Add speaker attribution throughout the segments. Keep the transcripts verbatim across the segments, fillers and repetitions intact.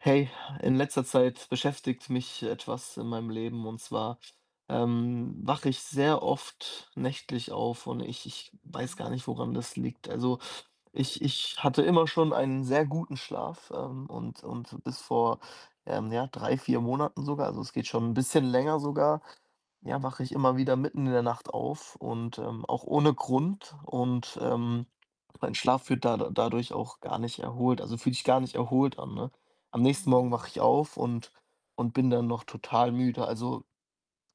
Speaker 1: Hey, in letzter Zeit beschäftigt mich etwas in meinem Leben. Und zwar, ähm, wache ich sehr oft nächtlich auf und ich ich weiß
Speaker 2: Mhm.
Speaker 1: gar nicht, woran das liegt. Also, ich ich hatte immer schon einen sehr guten Schlaf, ähm, und und bis vor, ähm, ja, drei, vier Monaten sogar also, es geht schon 'n bisschen länger sogar, ja,
Speaker 2: Mhm.
Speaker 1: wache ich immer wieder mitten in der Nacht auf und, ähm auch ohne Grund. Und, ähm, mein Schlaf wird da dadurch auch gar nicht erholt. Also, fühlt sich gar nicht erholt an, ne? Am nächsten Morgen wache
Speaker 2: Mhm.
Speaker 1: ich auf und und bin dann noch total müde. Also,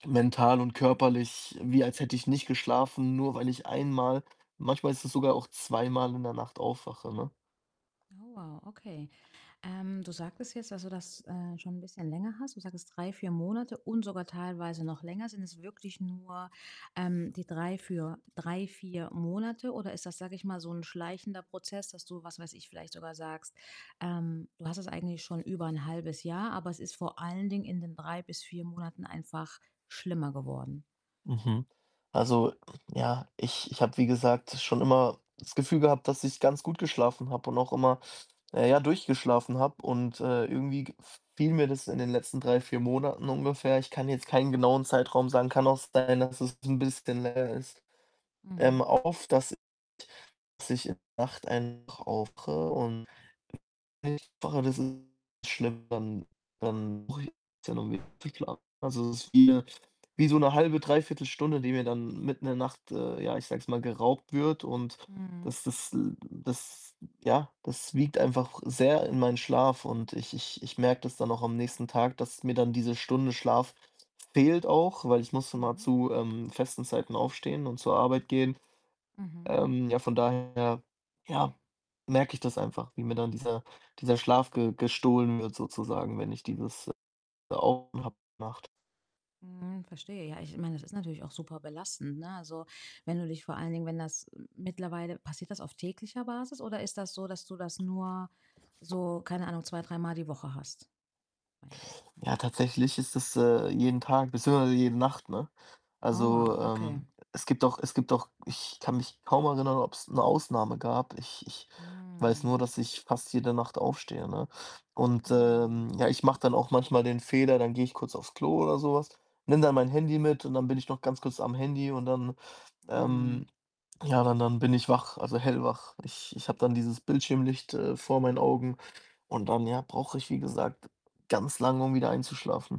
Speaker 1: mental und körperlich, wie als hätte ich nicht geschlafen. Nur weil ich einmal manchmal ist es sogar auch zweimal in der Nacht aufwache, ne?
Speaker 2: Oh, wow, okay. Ähm, du sagtest jetzt, dass du das, äh, schon 'n bisschen länger hast. Du sagtest drei, vier Monate und sogar teilweise noch länger. Sind es wirklich nur, ähm, die drei für drei, vier Monate? Oder ist das, sage ich mal, so 'n schleichender Prozess, dass du, was weiß ich, vielleicht sogar sagst, ähm, du hast es eigentlich schon über 'n halbes Jahr, aber es ist vor allen Dingen in den drei bis vier Monaten einfach schlimmer geworden?
Speaker 1: Mhm. Also, ja, ich ich habe, wie gesagt, schon immer das Gefühl gehabt, dass ich ganz gut geschlafen habe und auch immer, na ja, durchgeschlafen habe. Und, äh, irgendwie g fiel mir das in den letzten drei, vier Monaten ungefähr ich kann jetzt keinen genauen Zeitraum sagen. Kann auch sein, dass es 'n bisschen länger ist ähm,
Speaker 2: Mhm.
Speaker 1: auf, dass dass ich in der Nacht einfach aufwache und [unintelligible] das ist schlimm. Dann dann brauche ich [unintelligible] ist dann [unintelligible] also, es ist wie wie so 'ne halbe, dreiviertel Stunde, die mir dann mitten in der Nacht, äh, ja, ich sage jetzt mal, geraubt wird. Und
Speaker 2: Mhm.
Speaker 1: das das l das ja, das wiegt einfach sehr in meinen Schlaf. Und ich ich ich merke das dann auch am nächsten Tag, dass mir dann diese Stunde Schlaf fehlt auch, weil ich muss immer
Speaker 2: Mhm.
Speaker 1: zu, ähm, festen Zeiten aufstehen und zur Arbeit gehen.
Speaker 2: Mhm.
Speaker 1: Ähm, ja, von daher, ja, merke ich das einfach, wie mir dann dieser dieser Schlaf ge gestohlen wird sozusagen, wenn ich dieses [unintelligible] Nacht.
Speaker 2: Mhm, verstehe, ja. Ich meine, das ist natürlich auch super belastend, ne? Also, wenn du dich vor allen Dingen, wenn das m mittlerweile passiert das auf täglicher Basis oder ist das so, dass du das nur so, keine Ahnung, zwei, dreimal die Woche hast? Meine nur, hm.
Speaker 1: Ja, tatsächlich ist das, äh, jeden Tag, beziehungsweise jede Nacht, ne?
Speaker 2: Oh,
Speaker 1: Also,
Speaker 2: wow, okay.
Speaker 1: ähm, es gibt auch es gibt auch ich kann mich kaum erinnern, ob's 'ne Ausnahme gab. Ich ich weiß nur,
Speaker 2: Mm.
Speaker 1: dass ich fast jede Nacht aufstehe, ne? Und,
Speaker 2: Mm.
Speaker 1: ähm, ja, ich mache dann auch manchmal den Fehler, dann gehe ich kurz aufs Klo oder so was, nehme dann mein Handy mit und dann bin ich noch ganz kurz am Handy und dann,
Speaker 2: Mhm.
Speaker 1: ähm ja, dann dann bin ich wach, also, hellwach. Ich ich habe dann dieses Bildschirmlicht, äh, vor meinen Augen und dann, ja, brauche ich, wie gesagt, ganz lang, um wieder einzuschlafen.